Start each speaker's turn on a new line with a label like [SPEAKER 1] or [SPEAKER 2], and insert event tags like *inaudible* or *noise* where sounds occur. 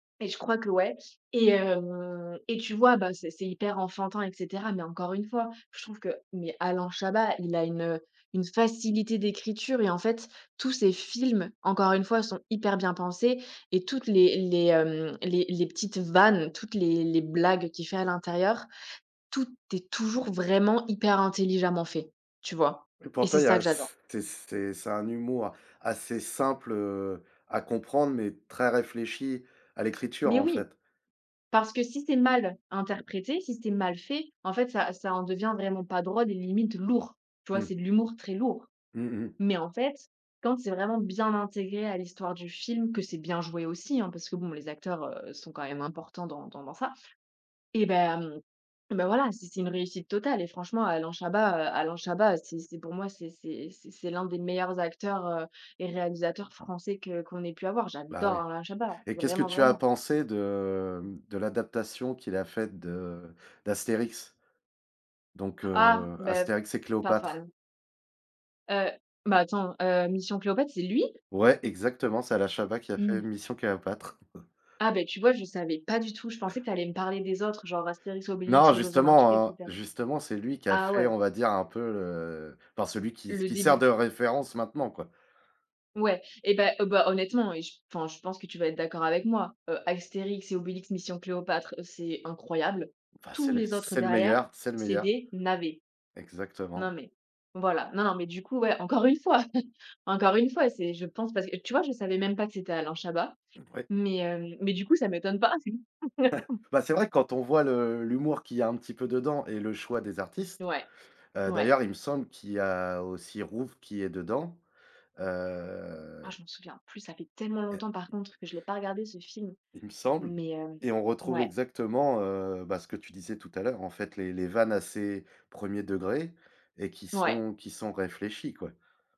[SPEAKER 1] Et je crois que ouais et hem, et tu vois? Bah c'est c'est hyper enfantin et cetera mais encore une fois je trouve que mais Alain Chabat il a une, heu, une facilité d'écriture et en fait tous ces films encore une fois sont hyper bien pensés et toutes les les, hem, les les petites vannes, toutes les les blagues qu'il fait à l'intérieur, tout est toujours vraiment hyper intelligemment fait, tu vois? Et
[SPEAKER 2] Pour
[SPEAKER 1] c'est
[SPEAKER 2] toi, il y
[SPEAKER 1] ça
[SPEAKER 2] a
[SPEAKER 1] que
[SPEAKER 2] ce
[SPEAKER 1] j'adore.
[SPEAKER 2] c'est c'est c'est un humour assez simple, heu, à comprendre mais très réfléchi à l'écriture,
[SPEAKER 1] Mais
[SPEAKER 2] en
[SPEAKER 1] oui
[SPEAKER 2] fait.
[SPEAKER 1] parce que si c'est mal interprété, si c'est mal fait, en fait ça ça en devient vraiment pas drôle et limite lourd. Tu vois?
[SPEAKER 2] Mmh.
[SPEAKER 1] C'est de l'humour très lourd,
[SPEAKER 2] Mmh mh.
[SPEAKER 1] mais en fait quand c'est vraiment bien intégré à l'histoire du film, que c'est bien joué aussi hein, parce que bon les acteurs, heu, sont quand même importants dans dans dans ça. Eh ben, ben voilà c'est c'est une réussite totale et franchement Alain Chabat, heu, Alain Chabat c'est c'est pour moi c'est c'est c'est c'est l'un des meilleurs acteurs, heu, et réalisateurs français que qu'on ait pu avoir,
[SPEAKER 2] Bah, oui
[SPEAKER 1] j'adore Alain Chabat
[SPEAKER 2] et qu'est-ce que
[SPEAKER 1] vraiment,
[SPEAKER 2] tu as
[SPEAKER 1] vraiment.
[SPEAKER 2] pensé de, hem, de l'adaptation qu'il a faite de d'Astérix? Donc
[SPEAKER 1] Ah
[SPEAKER 2] heu,
[SPEAKER 1] ben,
[SPEAKER 2] Astérix et
[SPEAKER 1] pas
[SPEAKER 2] Cléopâtre.
[SPEAKER 1] fan. Heu, mais attends, heu, Mission Cléopâtre c'est lui?
[SPEAKER 2] Ouais exactement, c'est Alain Chabat qui a fait
[SPEAKER 1] Mmh.
[SPEAKER 2] Mission Cléopâtre. *chuckles*
[SPEAKER 1] Ah ben tu vois? Je savais pas du tout, je pensais que tu allais me parler des autres genre Astérix
[SPEAKER 2] Non
[SPEAKER 1] Obélix aux Olympiques et
[SPEAKER 2] justement, heu,
[SPEAKER 1] cetera.
[SPEAKER 2] justement c'est lui qui a
[SPEAKER 1] Ah
[SPEAKER 2] fait
[SPEAKER 1] ouais.
[SPEAKER 2] on va dire un peu le enfin celui qui
[SPEAKER 1] Le
[SPEAKER 2] qui sert
[SPEAKER 1] début.
[SPEAKER 2] de référence maintenant, quoi.
[SPEAKER 1] Ouais, eh ben, heu, bah honnêtement et je enfin je pense que tu vas être d'accord avec moi, heu, Astérix et Obélix: Mission Cléopâtre, c'est incroyable.
[SPEAKER 2] Enfin, c'est
[SPEAKER 1] Tous
[SPEAKER 2] le
[SPEAKER 1] les autres
[SPEAKER 2] c'est le
[SPEAKER 1] derrière,
[SPEAKER 2] meilleur, c'est le
[SPEAKER 1] c'est
[SPEAKER 2] meilleur.
[SPEAKER 1] des navets. Non,
[SPEAKER 2] Exactement.
[SPEAKER 1] mais voilà, non, non mais du coup, ouais encore une fois, encore une fois c'est je pense parce que, tu vois? Je savais même pas que c'était Alain Chabat,
[SPEAKER 2] Oui.
[SPEAKER 1] mais hem, mais du coup ça m'étonne pas.
[SPEAKER 2] *chuckles*
[SPEAKER 1] *chuckles*
[SPEAKER 2] Bah, c'est vrai quand on voit le l'humour qu'il y a un petit peu dedans et le choix des artistes,
[SPEAKER 1] Ouais,
[SPEAKER 2] heu,
[SPEAKER 1] ouais.
[SPEAKER 2] d'ailleurs il me semble qu'il y a aussi Rouve qui est dedans.
[SPEAKER 1] Ah,
[SPEAKER 2] Heu
[SPEAKER 1] je m'en souviens plus, ça fait tellement
[SPEAKER 2] Et
[SPEAKER 1] longtemps par contre que je l'ai pas regardé ce film,
[SPEAKER 2] Il me semble
[SPEAKER 1] mais heu,
[SPEAKER 2] et on retrouve
[SPEAKER 1] ouais.
[SPEAKER 2] exactement, heu, bah ce que tu disais tout à l'heure, en fait les les vannes assez 1er degrés et qui
[SPEAKER 1] Ouais.
[SPEAKER 2] sont qui sont réfléchies, quoi.